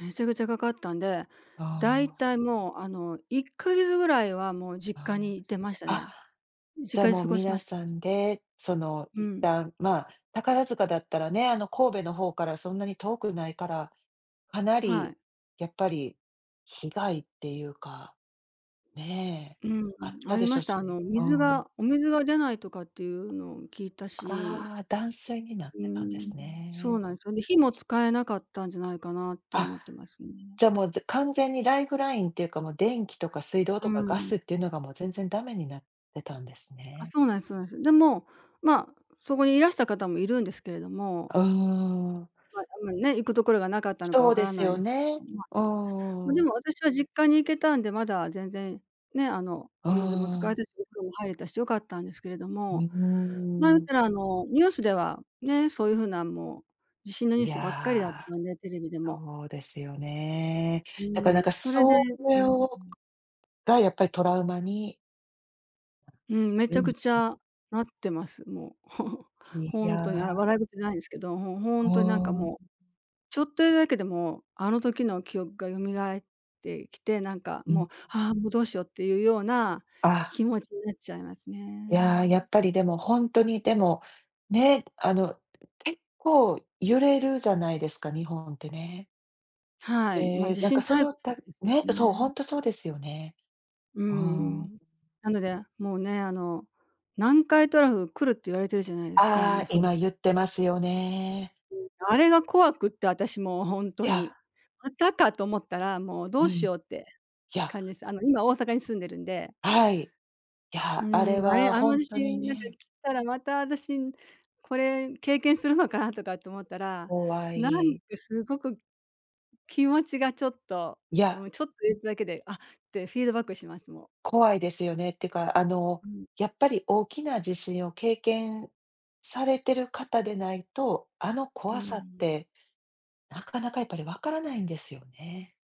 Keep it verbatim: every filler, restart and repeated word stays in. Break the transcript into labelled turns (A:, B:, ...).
A: めちゃくちゃかかったんで、
B: あ
A: だい
B: あ。
A: たいもう、あの、いっかげつぐらいはもう実家
B: あ
A: に行ってました
B: あ。
A: ね。
B: あ、じゃ
A: 実
B: あ、
A: 家で
B: もう
A: 過ごし
B: 皆
A: ました。
B: さんで、その
A: う
B: いっ
A: ん。
B: たん、まあ、宝塚だったらね、あの、神戸の方からそんなに遠くないから、かな
A: は
B: り
A: い。
B: やっぱり被害っていうか、ね、
A: うー
B: あっ
A: ん、あ
B: た
A: り
B: でしょ
A: ま
B: う
A: した、あ
B: し
A: の、
B: ね。うー
A: 水
B: ん。
A: がお水が出ないとかっていうのを聞いたし
B: ああ、断水になっ
A: うー
B: てたんで
A: ん、
B: す
A: そ
B: ね。
A: うなん、そんで、火も使えなかったんじゃないかなって
B: あ、
A: 思ってますね。
B: じゃ、もう、ぜ完全にライフラインっていうか、もう、電気とか水道
A: うー
B: とかガ
A: ん。
B: スっていうのがもう全然ダメになってたんです
A: あ、
B: ね。
A: そうなんす、そなんす。で、もう、ま、そこにいらした方もいるんですけれども
B: うーん。
A: ま、でもね、行くところがなかったのかわ
B: そう
A: か
B: で
A: ら
B: す
A: ない
B: よ
A: です。あ、
B: ね。
A: ま、
B: うんう
A: ま、
B: んう
A: で
B: ん。
A: もあたしは実家に行けたんで、まだ全然、ね、あの、
B: うー
A: お水も使え
B: ん。
A: た [unintelligible] 風呂も入れたし、良かったんですけれど
B: うう
A: も、ま
B: ん、
A: ん
B: うーん。
A: せら、あの、ニュースでは、ね、そういう風なもう、地震のニュ
B: い
A: ースばっかりだった
B: や、
A: ので、テレビでも。
B: そうですよね。だからな
A: う
B: ん
A: ん、
B: か、
A: それで
B: そ
A: う
B: れ
A: ん、
B: を
A: うん。
B: が、やっぱりトラウマに
A: うん、めちゃくち
B: [unintelligible]
A: ゃなってます、もう、
B: い
A: ほん
B: や。
A: とに、あ、笑い事じゃないんすけど、ほほ
B: う
A: んとになんか
B: ー
A: もう、
B: ん。
A: ちょっと言うだけでもう、あの、時の記憶が蘇ってきて、なんか
B: う
A: もう
B: ん。
A: 「ああ、も、どうしよう」っていうような
B: あ。
A: 気持ちになっちゃいます
B: いや、や
A: ね。
B: っぱりでも、ほんとに、でも、ね、あの、結構揺れるじゃないですか、日本ってね。
A: はい。ま、
B: で、
A: 地
B: なんか
A: 震
B: そ
A: 大
B: の
A: 国
B: た
A: です
B: ね、
A: よ
B: そう、ほ
A: ね。
B: んとそうですよね。
A: う
B: うーん。
A: ん、なので、もうね、あの、南海トラフ来るって言われてるじゃないですか、
B: あ
A: もう
B: あ、
A: そり
B: 今言ってますよね。
A: うん、あれが怖くって、あたしもうほん
B: い
A: と
B: や
A: に。またかと思ったら、もうど
B: うん。
A: うし
B: い
A: ようって
B: や
A: 感じです。あの、今大阪に住んでるんで
B: はい、い
A: う
B: や、あ
A: ー
B: れ
A: ん、あれ、
B: は
A: あ
B: ほ
A: の
B: ん
A: 地
B: とに
A: 震なんか
B: ね
A: 来たら、またあたしん、これ経験するのかな？とかって思ったら、
B: 怖
A: なん
B: い。
A: かすごく気持ちがちょっと、
B: いや
A: もうちょっと揺れただけで「あっ！」てフィードバックします、もう。
B: 怖いですよね、ってか、あの、
A: うん。
B: やっぱり大きな地震を経験されてる方でないと、あの
A: うー
B: 怖さっ
A: ん。
B: て、なかなかやっぱりわからないんですよね。